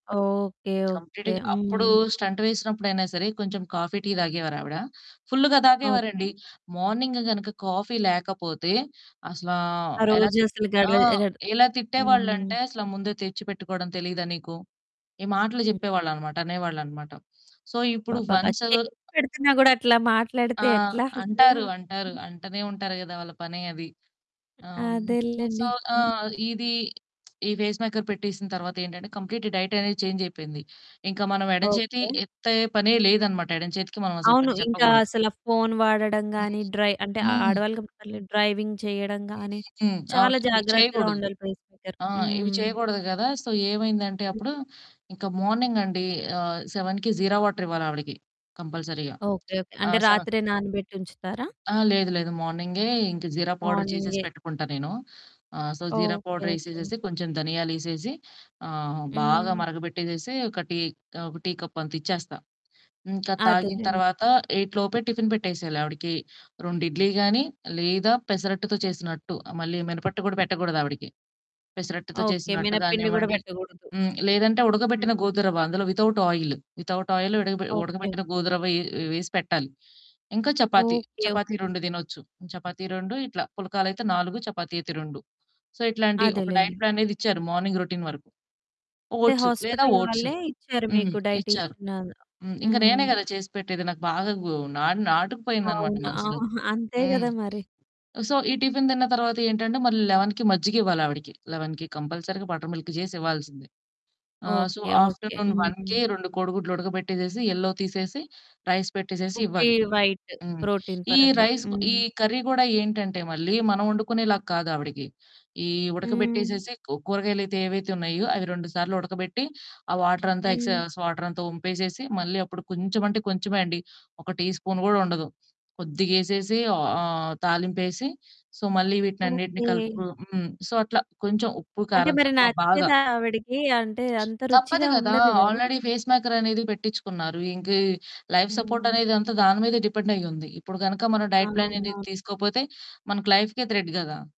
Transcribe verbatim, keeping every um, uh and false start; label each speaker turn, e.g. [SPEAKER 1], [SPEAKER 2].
[SPEAKER 1] Okay,
[SPEAKER 2] కంప్లీట్‌గ
[SPEAKER 1] okay.
[SPEAKER 2] అప్పుడు
[SPEAKER 1] హ్మ్.
[SPEAKER 2] Stunt వేసినప్పుడు అయినా సరే కొంచెం కాఫీ, టీ తాగేవారావిడ. ఫుల్లుగా
[SPEAKER 1] ఓకే.
[SPEAKER 2] తాగేవారండి మార్నింగ్ గనుక కాఫీ లేకపోతే అసలు
[SPEAKER 1] ఆ
[SPEAKER 2] ఎలా తిట్
[SPEAKER 1] రోజసలు
[SPEAKER 2] ఆ!
[SPEAKER 1] గడవదు. గడ్
[SPEAKER 2] ఎలా
[SPEAKER 1] హ్మ్.
[SPEAKER 2] తిట్టేవాళ్ళంటే అసలు ముందే తెచ్చిపెట్టుకోడం తెలీదా నీకు? ఈ మాటలు
[SPEAKER 1] హ్మ్.
[SPEAKER 2] చెప్పేవాళ్ళనమాట. అనేవాళ్ళనమాట. సో, ఇప్పుడు
[SPEAKER 1] అబ్బబ్బ!
[SPEAKER 2] వన్సు
[SPEAKER 1] చేసి పెడుతున్నా గూడా అట్లా
[SPEAKER 2] ఆ!
[SPEAKER 1] మాట్లాడితే ఎట్లా?
[SPEAKER 2] అంటారు,
[SPEAKER 1] హ్మ్.
[SPEAKER 2] అంటారు
[SPEAKER 1] హ్మ్.
[SPEAKER 2] అంటనే ఉంటారు గదా! వాళ్ళ పనే అది. ఆహ్, హ్మ్. సో,
[SPEAKER 1] అదేలెండి. హ్మ్.
[SPEAKER 2] ఆహ్, ఇది, ఈ పేస్‌ మేకర్ పెట్టేసిన తర్వాతేంటంటే కంప్లీట్ డైట్ అనేది చేంజ్ అయిపోయింది. ఇంకా మనం ఎడమచేతి
[SPEAKER 1] ఓకే.
[SPEAKER 2] ఎత్తే పనే లేదనమాట. ఎడమచేతికి మనం అసలు
[SPEAKER 1] అవును.
[SPEAKER 2] పని
[SPEAKER 1] ఇంకా
[SPEAKER 2] చెప్పకూడదు.
[SPEAKER 1] అసల ఫోను వాడడం
[SPEAKER 2] హ్మ్.
[SPEAKER 1] గాని, డ్రై అంటే
[SPEAKER 2] హ్మ్.
[SPEAKER 1] ఆడవాళ్ళు కాబట్టి పర్లేదు. డ్రైవింగ్ చేయడం గాని,
[SPEAKER 2] హుహుహు.
[SPEAKER 1] చాలా
[SPEAKER 2] అవును.
[SPEAKER 1] జాగ్రత్తగా
[SPEAKER 2] చేయకూడదు.
[SPEAKER 1] ఉండాలి. పేస్ మేకర్
[SPEAKER 2] ఆ! ఇవి
[SPEAKER 1] హ్మ్.
[SPEAKER 2] చేయగూడదు కదా! సో ఏమైందంటే
[SPEAKER 1] హ్మ్.
[SPEAKER 2] అప్పుడు ఇంక మార్నింగ్ అండి ఆహ్, సెవెన్‌కి జీరా వాటరివ్వాలి ఆవిడకి కంపల్సరీగా.
[SPEAKER 1] Okay okay.
[SPEAKER 2] ఆ!
[SPEAKER 1] అంటే
[SPEAKER 2] సెవెన్
[SPEAKER 1] రాత్రే నానబెట్టి ఉంచుతారా?
[SPEAKER 2] ఆ! లేదు లేదు. మార్నింగే ఇంకా జీరా పౌడరు చేసేసి
[SPEAKER 1] మార్నింగే.
[SPEAKER 2] పెట్టుకుంటా నేను. ఆహ్, so jeera
[SPEAKER 1] okay.
[SPEAKER 2] Powder
[SPEAKER 1] okay.
[SPEAKER 2] యేసేసేసి కొంచెం ధనియాలేసేసి ఆహ్, బాగా
[SPEAKER 1] హ్మ్.
[SPEAKER 2] మరగబెట్టేసేసి ఒక టీ, ఆహ్, ఒక టీ కప్పంతిచ్చేస్తా. ఇంకది తాగిన
[SPEAKER 1] అదేలెండి.
[SPEAKER 2] తర్వాత ఎయిట్‌ లోపే టిఫిన్ పెట్టేసేయాలి ఆవిడకి. రెండు ఇడ్లీ గానీ లేదా పెసరట్టుతో చేసిన అట్టు. మళ్ళీ మినపట్టు గూడా పెట్టకూడదు ఆవిడకి. పెసరట్టుతో
[SPEAKER 1] ఓకే.
[SPEAKER 2] చేసిన అట్టు
[SPEAKER 1] మినపపిండి గూడా
[SPEAKER 2] గానివ్వండి,
[SPEAKER 1] పెట్టకూడదు.
[SPEAKER 2] హ్మ్. లేదంటే
[SPEAKER 1] హ్మ్.
[SPEAKER 2] ఉడకబెట్టిన గోధురవ్వ, అందులో వితౌట్ ఆయిల్, వితౌట్ ఆయిల్ ఉడకబె
[SPEAKER 1] ఓకే.
[SPEAKER 2] ఉడకబెట్టిన గోధురవ్వ యే వేసి పెట్టాలి. ఇంకా చపాతీ.
[SPEAKER 1] Okay,
[SPEAKER 2] chapati
[SPEAKER 1] okay.
[SPEAKER 2] రెండు తినొచ్చు. చపాతీ రెండు ఇట్లా, పుల్కాలయితే నాలుగు, చపాతీ అయితే రెండు. సో, ఇట్లాంటి ఒక
[SPEAKER 1] అదేలెండి.
[SPEAKER 2] డైట్ ప్లాన్ అనేదిచ్చారు.
[SPEAKER 1] హ్మ్.
[SPEAKER 2] మార్నింగ్ రొటీన్ వరకు.
[SPEAKER 1] అంటే
[SPEAKER 2] ఓట్స్ లేదా
[SPEAKER 1] హాస్పిటల్
[SPEAKER 2] ఓట్స్
[SPEAKER 1] వాళ్ళే ఇచ్చారు
[SPEAKER 2] హ్మ్.
[SPEAKER 1] మీకు
[SPEAKER 2] ఇచ్చారు.
[SPEAKER 1] డైటీషియన్ అందులో
[SPEAKER 2] హ్మ్. ఇంకా నేనే
[SPEAKER 1] హ్మ్.
[SPEAKER 2] కదా చేసి పెట్టేది నాకు బాగా గు నా నాటుకుపోయిందనమాట
[SPEAKER 1] అవునా,
[SPEAKER 2] మనసులో.
[SPEAKER 1] అంతే
[SPEAKER 2] హ్మ్.
[SPEAKER 1] గదా మరి.
[SPEAKER 2] సో ఈ టిఫిన్ తిన్న తరువాతేంటంటే మళ్ళీ లెవెన్‌కి మజ్జిగివ్వాలి లెవెన్‌కి కంపల్సరీగా బటర్ మిల్క్ చేసి ఇవ్వాల్సిందే. ఆహ్, సో,
[SPEAKER 1] ఓకే, ఓకే.
[SPEAKER 2] ఆఫ్టర్‌నూన్ వన్‌కి
[SPEAKER 1] హ్మ్.
[SPEAKER 2] రెండు కోడిగుడ్లు ఉడకబెట్టేసేసి యెల్లో తీసేసి రైస్ పెట్టేసేసి
[SPEAKER 1] ఉట్టి
[SPEAKER 2] ఇవ్వాలి.
[SPEAKER 1] వైట్,
[SPEAKER 2] హ్మ్.
[SPEAKER 1] ప్రోటీన్
[SPEAKER 2] ఈ
[SPEAKER 1] పరంగా.
[SPEAKER 2] రైస్ ఈ
[SPEAKER 1] హ్మ్.
[SPEAKER 2] కర్రీ గూడా ఏంటంటే మళ్ళీ, మనం వండుకునేలాగా కాదు ఆవిడకి. ఈ
[SPEAKER 1] హ్మ్.
[SPEAKER 2] ఉడకబెట్టేసేసి, కూరగాయలయితే ఏవైతే ఉన్నాయో అవి రెండు సార్లు ఉడకబెట్టి, ఆ వాటరంతా
[SPEAKER 1] హ్మ్.
[SPEAKER 2] ఎక్సెస్ వాటరంతా వంపేసేసి, మళ్ళీ అప్పుడు కొంచెం అంటే కొంచెమే అండి ఒక టీ స్పూను గూడా ఉండదు. కొద్దిగేసేసి ఆహ్, తాలింపేసి సో మళ్ళీ వీటినన్నిటిని
[SPEAKER 1] ఓకే.
[SPEAKER 2] కలుపుకొని హ్మ్. సో అట్లా కొంచెం ఉప్పు
[SPEAKER 1] అంటే
[SPEAKER 2] కారం
[SPEAKER 1] మరి
[SPEAKER 2] తక్కువ బాగా
[SPEAKER 1] నచ్చేదా ఆవిడకి? అంటే అంత
[SPEAKER 2] తప్పదు
[SPEAKER 1] రుచిగా
[SPEAKER 2] కదా!
[SPEAKER 1] ఉండదు గదా!
[SPEAKER 2] ఆల్రెడీ పేస్ మేకర్ అనేది పెట్టిచ్చుకున్నారు. ఇంక లైఫ్ సపోర్ట్
[SPEAKER 1] హ్మ్.
[SPEAKER 2] అనేది అంతా దాని మీదే డిపెండయ్యుంది. ఇప్పుడు గనక మనం డైట్ ప్లాన్ అనేది
[SPEAKER 1] అవునవును.
[SPEAKER 2] తీసుకోకపోతే మనకు లైఫ్‌కే థ్రెట్ కదా!